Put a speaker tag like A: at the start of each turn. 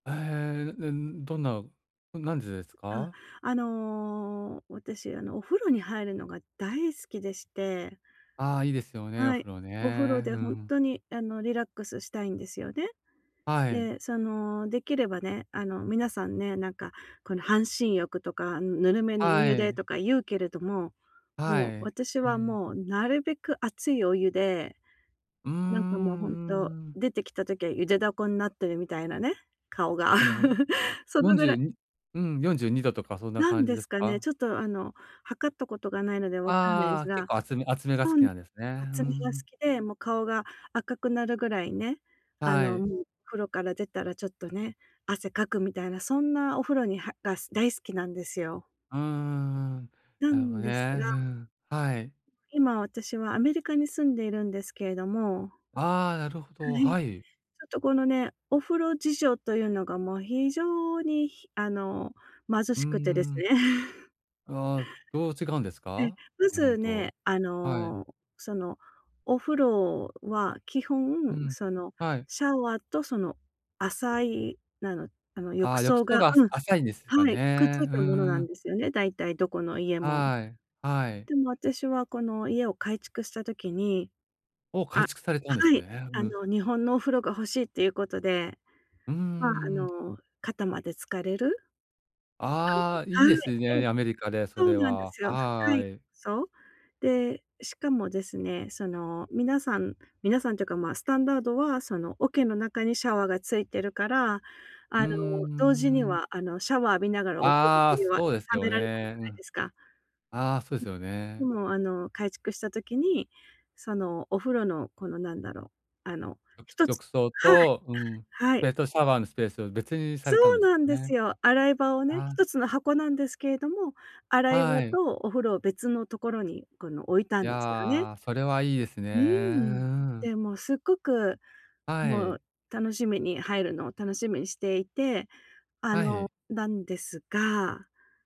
A: ええ、ででんどんな、うん、何時ですか？
B: あ、あの、私、あの、お風呂に入るのが大好きでして
A: ああ、いいですよね、お
B: はい、
A: 風呂
B: お風呂
A: ね。
B: で
A: う
B: ほん
A: ん。
B: とにあの、リラックスしたいんですよね。
A: はい。
B: で、そのできればね、あの、皆さんね、なんか、この半身浴とか、ぬるめのお
A: は
B: 湯で
A: い。
B: とか言うけれども、
A: は
B: もう、
A: い。
B: 私
A: う
B: は
A: ん。
B: もうなるべく熱いお湯で、
A: うーん、うん
B: なんかもうほんと、
A: うんうん。
B: 出てきた時は茹でダコんなってるみたいなね、顔が。
A: ほんでも、
B: そ
A: よ
B: の
A: んじ
B: ぐ
A: ゅう
B: ら
A: にうん、42度とかそんな
B: 何
A: 感じ
B: で
A: で
B: す
A: す
B: かね、
A: か？
B: ちょっとあの、測ったことがないのでわからない
A: あ
B: す
A: あ、結
B: が。
A: 構熱め熱めが好
B: ほ
A: き
B: ん
A: なんですね。うんう
B: 熱めが好
A: ん。
B: きで、もう顔が赤くなるぐらいね、あ
A: は
B: の、
A: い。
B: もう風呂から出たらちょっとね、汗かくみたいな、そんなお風呂にはが大好きなんですよ。
A: うんうんうん、
B: な
A: なるほ
B: ん
A: ね。
B: ですが
A: うん。はい。
B: 今私はアメリカに住んでいるんですけれども
A: ああ、なるほ
B: は
A: ど、
B: い。
A: は
B: ち
A: い。
B: ょっとこのね、お風呂事情というのがもう非常にひあの、貧
A: う
B: しく
A: ん
B: てです。
A: うん。ああ、どう違うんです
B: で、
A: か？
B: ま
A: 日本
B: ず
A: と。
B: ね、あ
A: はい。
B: の、そのお風呂は、基
A: う
B: 本
A: ん、
B: その
A: はい。
B: シャワーとその浅い、なの、あの、
A: あ
B: 浴
A: あ、浴
B: 槽
A: 槽
B: が
A: があす
B: うん、
A: 浅いんですか
B: はい、くっつ
A: ね。
B: い
A: うん
B: たものな
A: う
B: ん
A: ん。
B: ですよね、だいたいどこの家も。
A: はい、はい。
B: でも私はこの家を改築した時に
A: おお、
B: あ、
A: 改築されたんです
B: はい。
A: ね。う
B: あ
A: ん。
B: の、日本のお風呂が欲しいっていうことで。
A: うんう
B: ま、あ
A: んうん。
B: の、肩まで浸れる？
A: あ
B: [unintelligible]
A: あ、い
B: は
A: い
B: い、
A: ですね、
B: うん。
A: ね、アメリカでそ
B: そう
A: れ
B: なんで
A: は。
B: すよ。深
A: は
B: い
A: い。
B: そう。で、しかもですね、その、皆さん皆さんというか、ま、スタンダードは、その桶の中にシャワーがついてるから、あ
A: うん、
B: の、同時に
A: うーん。
B: は、あの、シャワー浴びながらお
A: ああ、
B: 風呂 [unintelligible] は貯
A: そうですよ
B: められない
A: ね。
B: じゃ
A: う
B: ない
A: ん。
B: ですか。
A: あ、そうで
B: う
A: すよ
B: ん、
A: ね。
B: でも、あの、改築した時に、そのお風呂のこのなんだろう？あの、
A: 浴
B: 一つ
A: 浴槽
B: はい。
A: とうん、
B: はい。
A: 別途シャワーのスペースを別にさ
B: そ
A: れたん
B: う
A: ですか
B: なんで
A: ね。
B: すよ。洗い場をね、
A: ああ。
B: 一つの箱なんですけれども、洗い
A: は
B: 場
A: い。
B: とお風呂を別のところにこの置いた
A: い
B: んですよね。
A: や、それはいいですね。
B: う
A: うう
B: ん。
A: ん。
B: で、もう、すっごく、
A: は
B: もう
A: い。
B: 楽しみに入るのを楽しみにしていて、あ
A: は
B: の、
A: い。
B: なんですが